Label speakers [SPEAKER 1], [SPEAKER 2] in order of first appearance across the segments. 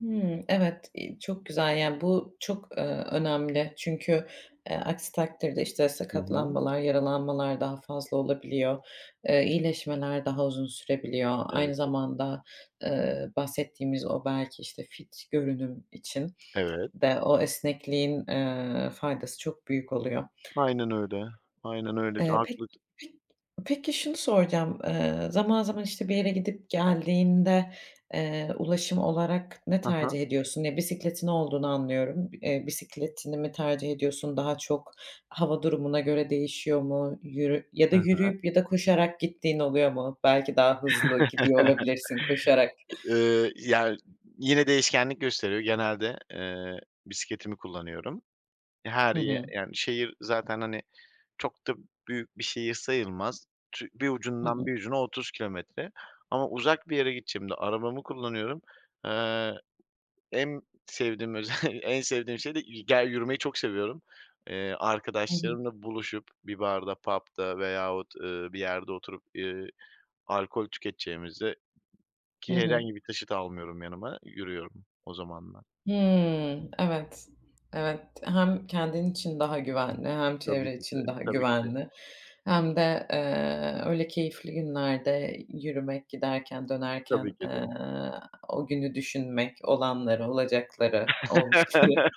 [SPEAKER 1] Hımm, evet, iii, çok güzel, yani, bu çok, ııı, önemli. Çünkü, eee, aksi takdirde, işte,
[SPEAKER 2] Hı hı.
[SPEAKER 1] sakatlanmalar, yaralanmalar daha fazla olabiliyor. Eee, iyileşmeler daha uzun sürebiliyor.
[SPEAKER 2] Evet.
[SPEAKER 1] Aynı zamanda, eee, bahsettiğimiz o, belki, işte, fit görünüm için
[SPEAKER 2] Evet.
[SPEAKER 1] de o esnekliğin, eee, faydası çok büyük oluyor.
[SPEAKER 2] Aynen öyle, aynen öyle. Ç
[SPEAKER 1] Eee, pek
[SPEAKER 2] haklısın.
[SPEAKER 1] pek peki şunu soracağım. Eee, zaman, zaman işte bir yere gidip geldiğinde, eee, ulaşım olarak ne
[SPEAKER 2] Ha ha.
[SPEAKER 1] tercih ediyorsun? Eee, bisikletin olduğunu anlıyorum. Eee, bisikletini mi tercih ediyorsun? Daha çok hava durumuna göre değişiyor mu? Yürü ya
[SPEAKER 2] Hı
[SPEAKER 1] da
[SPEAKER 2] hı.
[SPEAKER 1] yürüyüp, ya da koşarak gittiğin oluyor mu? Belki daha hızlı gidiyor olabilirsin koşarak.
[SPEAKER 2] Iıı, yani, yine değişkenlik gösteriyor, genelde, eee, bisikletimi kullanıyorum. Ya, her
[SPEAKER 1] Hı
[SPEAKER 2] yer
[SPEAKER 1] hı.
[SPEAKER 2] yani, şehir zaten, hani, çok da büyük bir şehir sayılmaz. Ç bir
[SPEAKER 1] Hı
[SPEAKER 2] ucundan
[SPEAKER 1] hı.
[SPEAKER 2] bir ucuna, 30 kilometre, ama uzak bir yere gideceğimde, arabamı kullanıyorum. Eee. En sevdiğim özelli en sevdiğim şey de git gel yürümeyi çok seviyorum. Eee,
[SPEAKER 1] Hı hı.
[SPEAKER 2] arkadaşlarımla buluşup bir barda, pub'da veyahut, ııı, bir yerde oturup, ııı, alkol tüketeceğimize,
[SPEAKER 1] Hı
[SPEAKER 2] ki
[SPEAKER 1] hı.
[SPEAKER 2] herhangi bir taşıt almıyorum yanıma, yürüyorum o zamanlar.
[SPEAKER 1] Hımm, evet. Evet, hem kendin için daha güvenli, hem
[SPEAKER 2] Tabii
[SPEAKER 1] çevre
[SPEAKER 2] ki de,
[SPEAKER 1] için daha
[SPEAKER 2] tabii ki de.
[SPEAKER 1] güvenli, hem de, eee, öyle keyifli günlerde yürümek, giderken,
[SPEAKER 2] Tabii
[SPEAKER 1] dönerken,
[SPEAKER 2] ki de.
[SPEAKER 1] eee, o günü düşünmek, olanları, olacakları, olmuşları.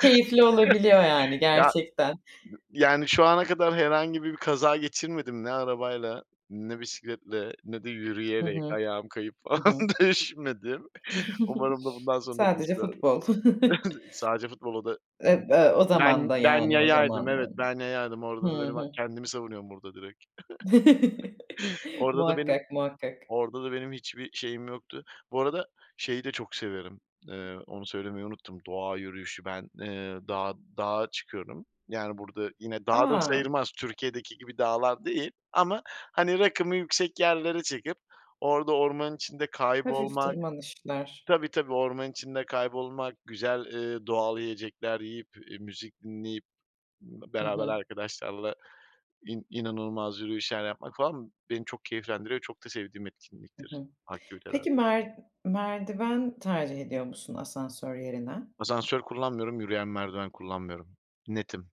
[SPEAKER 1] Keyifli olabiliyor, yani,
[SPEAKER 2] Ya,
[SPEAKER 1] gerçekten.
[SPEAKER 2] yani, şu ana kadar herhangi bir kaza geçirmedim. Ne arabayla, ne bisikletle, ne de
[SPEAKER 1] Hı
[SPEAKER 2] yürüyerek,
[SPEAKER 1] hı.
[SPEAKER 2] ayağım kayıp
[SPEAKER 1] Hı
[SPEAKER 2] falan,
[SPEAKER 1] hı.
[SPEAKER 2] düşmedim. Umarım da bundan sonra
[SPEAKER 1] Sadece
[SPEAKER 2] düşmem.
[SPEAKER 1] futbol.
[SPEAKER 2] Sadece futbol, o da
[SPEAKER 1] Eee, ııı, o
[SPEAKER 2] ben
[SPEAKER 1] zamanda
[SPEAKER 2] ben
[SPEAKER 1] yani o
[SPEAKER 2] yayaydım
[SPEAKER 1] zamanda
[SPEAKER 2] evet ben yayaydım
[SPEAKER 1] Hı
[SPEAKER 2] orada da benim
[SPEAKER 1] hı.
[SPEAKER 2] kendimi savunuyorum burada direkt. Orada da benim,
[SPEAKER 1] Muhakkak, muhakkak.
[SPEAKER 2] orada da benim hiçbir şeyim yoktu Bu arada, şeyi de çok severim, eee, onu söylemeyi unuttum. Doğa yürüyüşü, ben, eee, dağa dağa çıkıyorum. Yani, burada yine dağ da
[SPEAKER 1] A!
[SPEAKER 2] sayılmaz, Türkiye'deki gibi dağlar değil, ama, hani, rakımı yüksek yerlere çıkıp, orada ormanın içinde
[SPEAKER 1] Hafif
[SPEAKER 2] kaybolmak
[SPEAKER 1] tırmanışlar.
[SPEAKER 2] Tabii tabii orman içinde kaybolmak, güzel, eee, doğal yiyecekler yiyip, eee, müzik dinleyip,
[SPEAKER 1] Hı
[SPEAKER 2] beraber
[SPEAKER 1] hı.
[SPEAKER 2] arkadaşlarla in inanılmaz yürüyüşler yapmak falan, beni çok keyiflendiriyor. Çok da sevdiğim
[SPEAKER 1] Hı
[SPEAKER 2] etkinliktir,
[SPEAKER 1] hı.
[SPEAKER 2] aktivitelerden.
[SPEAKER 1] Peki mer merdiven tercih ediyor musun asansör yerine?
[SPEAKER 2] Asansör kullanmıyorum, yürüyen merdiven kullanmıyorum. Netim.